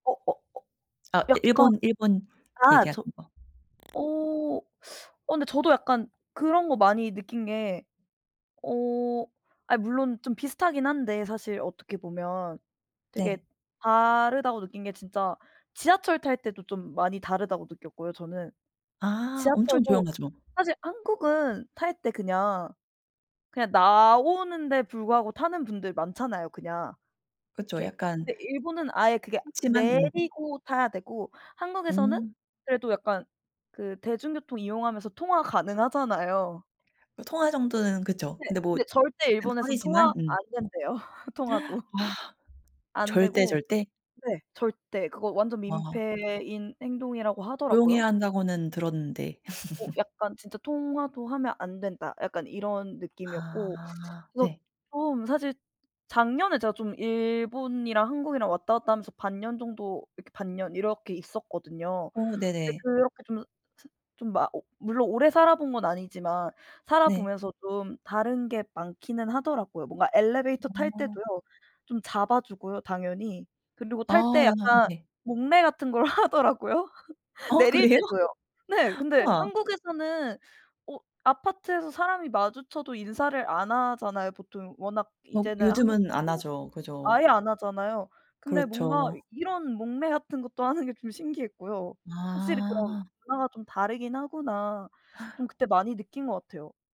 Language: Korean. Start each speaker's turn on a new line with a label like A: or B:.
A: 어 어 어
B: 아
A: 약간
B: 일본, 일본
A: 아 저
B: 얘기하시는 거.
A: 어 어 근데 저도 약간 그런 거 많이 느낀 게 어 아 물론 좀 비슷하긴 한데 사실 어떻게 보면 되게
B: 네.
A: 다르다고 느낀 게 진짜 지하철 탈 때도 좀 많이 다르다고 느꼈고요 저는.
B: 아 엄청
A: 지하철도
B: 조용하죠.
A: 사실 한국은 탈 때 그냥, 그냥 나오는데 불구하고 타는 분들 많잖아요 그냥.
B: 그쵸.
A: 게
B: 약간
A: 근데 일본은 아예 그게
B: 흔치만. 음.
A: 내리고 타야 되고 한국에서는
B: 음.
A: 그래도 약간 그 대중교통 이용하면서 통화 가능하잖아요.
B: 그 통화 정도는 그쵸.
A: 네.
B: 근데 뭐
A: 근데 절대
B: 약간
A: 일본에선 통화
B: 꺼리지만
A: 안
B: 음.
A: 된대요 통화도.
B: 아
A: 안
B: 절대
A: 되고
B: 절대?
A: 네 절대. 그거 완전
B: 아.
A: 민폐인 행동이라고 하더라고요.
B: 조용해야 한다고는 들었는데.
A: 어 약간 진짜 '통화도 하면 안 된다.' 약간 이런 느낌이었고
B: 아
A: 그래서
B: 네.
A: 좀 사실 작년에 제가 좀 일본이랑 한국이랑 왔다 갔다 하면서 반 년 정도 이렇게 반 년 이렇게 있었거든요.
B: 어
A: 근데
B: 네네.
A: 그렇게 좀 사 좀 막 어 물론 오래 살아본 건 아니지만 살아
B: 네.
A: 보면서 좀 다른 게 많기는 하더라고요. 뭔가 엘리베이터 탈
B: 아.
A: 때도요. 좀 잡아 주고요 당연히. 그리고 탈 때
B: 아.
A: 약간
B: 네.
A: 목례 같은 걸 하더라고요.
B: 어
A: 내릴
B: 그래요?
A: 때도요. 네. 근데
B: 와.
A: 한국에서는 어 아파트에서 사람이 마주쳐도 인사를 안 하잖아요 보통. 워낙
B: 뭐
A: 이제는
B: 요즘은
A: 한국도
B: 안하죠. 그죠?
A: 아예 안 하잖아요. 근데 뭔가
B: 그렇죠.
A: 이런 목례 같은 것도 하는 게 좀 신기했고요. '확실히 그런
B: 아.
A: 문화가 좀 다르긴 하구나.' 좀 그때 많이 느낀 것 같아요.